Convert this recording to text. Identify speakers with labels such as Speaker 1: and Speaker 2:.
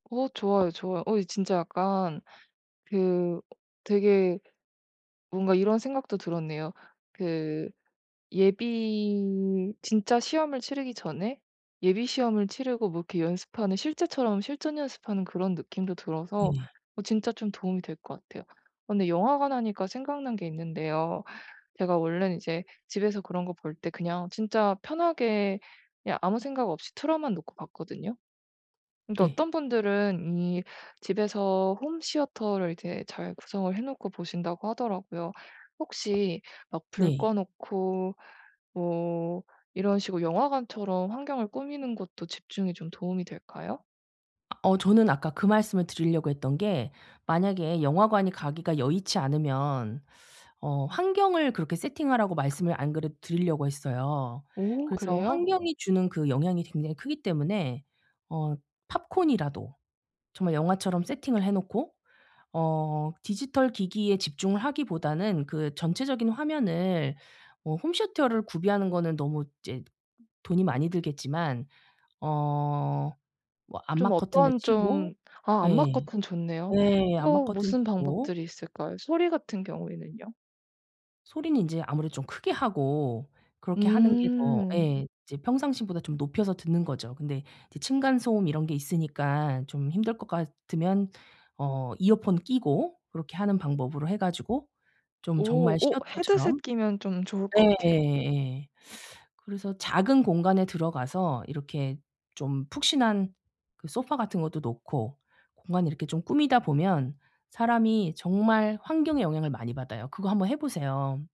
Speaker 1: 어 좋아요, 좋아요. 어 이 진짜 약간 그 되게 뭔가 이런 생각도 들었네요. 그 예비 진짜 시험을 치르기 전에 예비 시험을 치르고 뭐 이렇게 연습하는 실제처럼 실전 연습하는 그런 느낌도 들어서
Speaker 2: 예.
Speaker 1: 어 진짜 좀 도움이 될 것 같아요. 근데 영화관 하니까 생각난 게 있는데요. 제가 원래는 이제 집에서 그런 거 볼 때 그냥 진짜 편하게 그냥 아무 생각 없이 틀어만 놓고 봤거든요. 근데
Speaker 2: 네.
Speaker 1: 어떤 분들은 이 집에서 홈시어터를 이제 잘 구성을 해 놓고 보신다고 하더라고요. 혹시 막 불
Speaker 2: 네.
Speaker 1: 꺼 놓고 뭐 이런 식으로 영화관처럼 환경을 꾸미는 것도 집중에 좀 도움이 될까요?
Speaker 2: 어 저는 아까 그 말씀을 드리려고 했던 게 만약에 영화관이 가기가 여의치 않으면 어 환경을 그렇게 세팅하라고 말씀을 안 그래도 드리려고 했어요.
Speaker 1: 오.
Speaker 2: 그래서
Speaker 1: 그래요?
Speaker 2: 환경이 주는 그 영향이 굉장히 크기 때문에 어 팝콘이라도 정말 영화처럼 세팅을 해 놓고 어 디지털 기기에 집중을 하기보다는 그 전체적인 화면을 어 홈시어터를 구비하는 거는 너무 이제 돈이 많이 들겠지만 어 뭐
Speaker 1: 좀
Speaker 2: 암막 커튼을
Speaker 1: 어떤
Speaker 2: 치고
Speaker 1: 좀 아
Speaker 2: 예.
Speaker 1: 암막커튼 좋네요.
Speaker 2: 예 암막
Speaker 1: 또
Speaker 2: 커튼
Speaker 1: 무슨
Speaker 2: 치고
Speaker 1: 방법들이 있을까요? 소리 같은 경우에는요?
Speaker 2: 소리는 인제 아무래도 좀 크게 하고 그렇게 하는 게 더
Speaker 1: 음.
Speaker 2: 예 이제 평상시보다 좀 높여서 듣는 거죠. 근데 이제 층간 소음 이런 게 있으니까 좀 힘들 것 같으면 어 이어폰 끼고 그렇게 하는 방법으로 해 가지고 좀
Speaker 1: 오.
Speaker 2: 정말
Speaker 1: 오
Speaker 2: 시어터처럼
Speaker 1: 헤드셋 끼면 좀 좋을 것 같아요.
Speaker 2: 예예예. 그래서 작은 공간에 들어가서 이렇게 좀 푹신한 그 소파 같은 것도 놓고 공간을 이렇게 좀 꾸미다 보면 사람이 정말 환경의 영향을 많이 받아요. 그거 한번 해 보세요.